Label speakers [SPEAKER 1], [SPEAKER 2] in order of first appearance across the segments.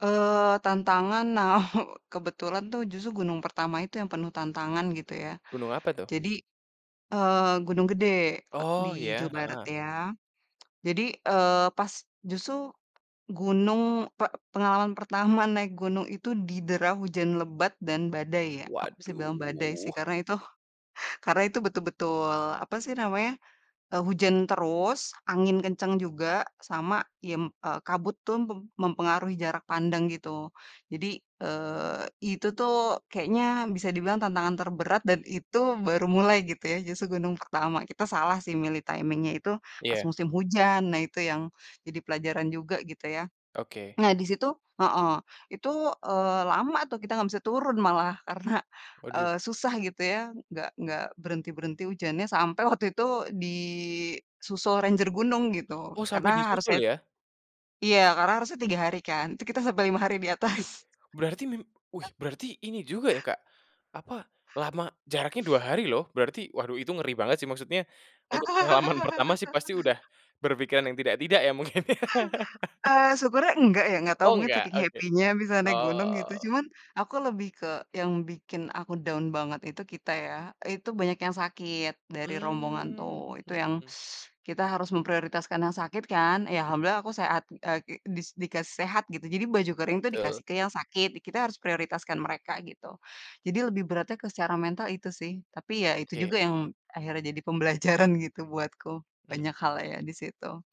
[SPEAKER 1] Eee, tantangan nah kebetulan tuh justru gunung pertama itu yang penuh tantangan gitu ya.
[SPEAKER 2] Gunung apa tuh?
[SPEAKER 1] Jadi, eee, Gunung Gede o
[SPEAKER 2] Oh
[SPEAKER 1] di Jawa
[SPEAKER 2] ya
[SPEAKER 1] Barat
[SPEAKER 2] heeh.
[SPEAKER 1] ya. Jadi, eee, pas justru, gunung pe pengalaman pertama naik gunung itu didera hujan lebat dan badai ya, aku bisa bilang badai sih
[SPEAKER 2] Waduh.
[SPEAKER 1] karena itu karena itu betul betul apa sih namanya, eee, hujan terus, angin kencang juga sama yem eee, kabut tuh pem mempengaruhi jarak pandang gitu. Jadi, eee, itu tuh kayaknya bisa dibilang tantangan terberat dan itu baru mulai gitu ya, justru gunung pertama, kita salah sih milih timing-nya itu pas
[SPEAKER 2] Iya.
[SPEAKER 1] musim hujan nah itu yang jadi pelajaran juga gitu ya.
[SPEAKER 2] Oke.
[SPEAKER 1] Nah di situ heeh itu, eee, lama tuh kita gak bisa turun malah karena,
[SPEAKER 2] Waduh.
[SPEAKER 1] eee, susah gitu ya, enggak enggak berhenti berhenti hujannya sampai waktu itu di susul ranger gunung gitu,
[SPEAKER 2] Oh
[SPEAKER 1] karena
[SPEAKER 2] sampai
[SPEAKER 1] harusnya
[SPEAKER 2] disusul ya.
[SPEAKER 1] iya karena harusnya 3 hari kan, tuh kita sampai 5 hari di
[SPEAKER 2] Ih
[SPEAKER 1] atas.
[SPEAKER 2] berarti mim wih berarti ini juga ya Kak, apa, lama jaraknya 2 hari loh, berarti waduh itu ngeri banget sih maksudnya, untuk pengalaman pertama sih pasti udah, berpikiran yang tidak tidak ya mungkin ya.
[SPEAKER 1] Eee, syukurnya enggak ya, ga tau
[SPEAKER 2] Oh
[SPEAKER 1] mungkin
[SPEAKER 2] enggak,
[SPEAKER 1] saking
[SPEAKER 2] oke.
[SPEAKER 1] happy-nya bisa naik gunung gitu,
[SPEAKER 2] Oh.
[SPEAKER 1] cuman aku lebih ke yang bikin aku down banget itu, kita ya itu banyak yang sakit, dari rombongan tuh
[SPEAKER 2] Mmm,
[SPEAKER 1] itu yang,
[SPEAKER 2] hmm.
[SPEAKER 1] kita harus memprioritaskan yang sakit kan, ya alhamdulillah aku seha,t eee, kek dis dikasih sehat gitu, jadi baju kering tuh
[SPEAKER 2] Betul.
[SPEAKER 1] dikasih ke yang sakit, di kita harus prioritaskan mereka gitu. Jadi lebih beratnya ke secara mental itu sih, tapi ya itu
[SPEAKER 2] Oke.
[SPEAKER 1] juga yang akhirnya jadi pembelajaran gitu buatku,
[SPEAKER 2] Hmm ya.
[SPEAKER 1] banyak hal ya di situ.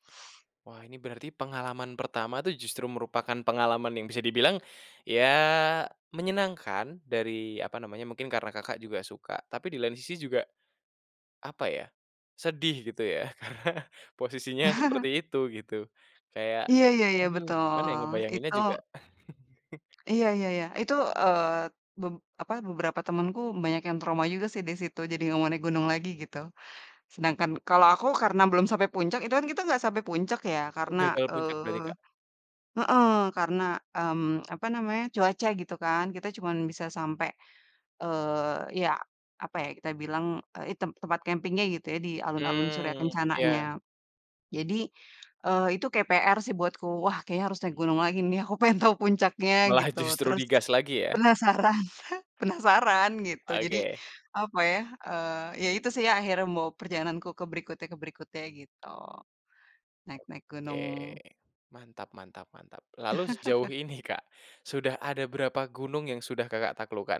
[SPEAKER 2] Wah ini berarti pengalaman pertama tuh justru merupakan pengalaman yang bisa dibilang, ya menyenangkan dari apa namanya, mungkin karena Kakak juga suka tapi di lain sisi juga, apa ya? Sedih gitu ya karena posisinya seperti itu gitu. Kayak,
[SPEAKER 1] iya iya iya
[SPEAKER 2] aduh gimana ya
[SPEAKER 1] betul,
[SPEAKER 2] ngebayanginnya
[SPEAKER 1] itu
[SPEAKER 2] juga.
[SPEAKER 1] Iya iya iya, itu, eee, be apa beberapa temenku banyak yang trauma juga sih disitu jadi gak mau naik gunung lagi gitu. Sedangkan kalo aku, karena belum sampai puncak itu kan kita gak sampai puncak ya karena,
[SPEAKER 2] Udah kalo puncak berarti
[SPEAKER 1] eee
[SPEAKER 2] Kak?
[SPEAKER 1] heeh karena, mmm, apa namanya, cuaca gitu kan, kita cuman bisa sampai, eee, ya, apa ya kita bilang, eee, i tem tempat campingnya gitu ya, di alun-alun Surya
[SPEAKER 2] Mmm,
[SPEAKER 1] Kencananya.
[SPEAKER 2] iya.
[SPEAKER 1] Jadi, eee, itu kek PR sih buatku, wah kayaknya harusnya gunung lagi nih, aku pengen tahu puncaknya
[SPEAKER 2] Malah
[SPEAKER 1] gitu
[SPEAKER 2] justru
[SPEAKER 1] terus,
[SPEAKER 2] di gas lagi ya.
[SPEAKER 1] penasaran, penasaran gitu, jadi
[SPEAKER 2] Oke.
[SPEAKER 1] apa ya, eee, ya itu sih ya akhirnya membawa perjalananku ke berikutnya ke berikutnya gitu. Naik-naik
[SPEAKER 2] Oke.
[SPEAKER 1] gunung.
[SPEAKER 2] Mantap mantap mantap, lalu sejauh ini Kak sudah ada berapa gunung yang sudah Kakak taklukkan?